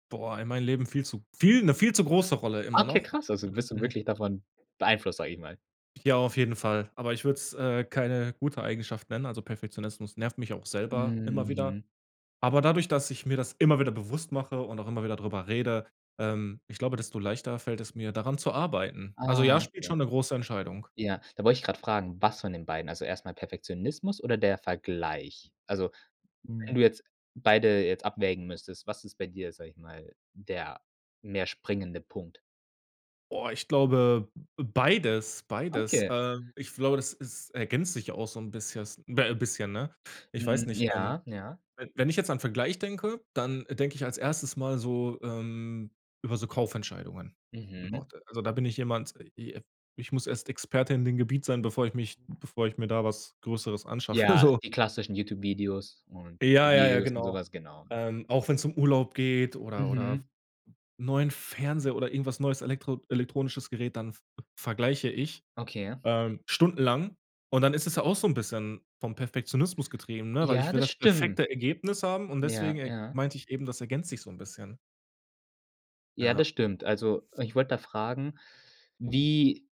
Boah, in meinem Leben viel zu, viel 'ne viel zu große Rolle immer Okay, noch. krass, also [unintelligible] bist du wirklich davon beeinflusst, sage ich mal? Ja, auf jeden Fall, aber ich würde es, äh, keine gute Eigenschaft nennen, also Perfektionismus nervt mich auch selber immer wieder, Mhm. aber dadurch, dass ich mir das immer wieder bewusst mache und auch immer wieder darüber rede, ähm, ich glaube, desto leichter fällt es mir, daran zu arbeiten. Also ja, Ah, spielt ja. schon 'ne große Entscheidung. Ja, da wollte ich grad fragen, was von den beiden? Also erst mal Perfektionismus oder der Vergleich? Also, wenn Mhm. du jetzt beide jetzt abwägen müsstest, was ist bei dir, sage ich mal, der mehr springende Punkt? Boah, ich glaube, beides, beides, Okay. ähm, ich glaube, das ist, ergänzt sich auch so 'n bissches be bisschen, ne? Ich weiß Mhm, nicht, ähm, Ja, ja. we wenn ich jetzt an Vergleich denke, dann denke ich als 1. mal so ähm, über so Kaufentscheidungen, Mhm. [unintelligible] also da bin ich jemand, i äh, ich muss erst Experte in dem Gebiet sein, bevor ich mich bevor ich mir da was Größeres anschaffe, Ja, so. die klassischen Youtube-Videos und Ja, ja, ja, Reviews und so genau. was, genau. Ähm, auch wenn's um Urlaub geht oder oder Mhm. 'n neuen Fernseher oder irgendwas neues elektro elektronisches Gerät, dann v vergleiche ich, Okay. ähm, stundenlang und dann ist es ja auch so 'n bisschen vom Perfektionismus getrieben, ne, weil ich Ja, will das das stimmt. perfekte Ergebnis haben und deswegen Ja, e ja. meinte ich eben, das ergänzt sich so 'n bisschen. Ja, Ja. das stimmt. Also ich wollte da fragen, wie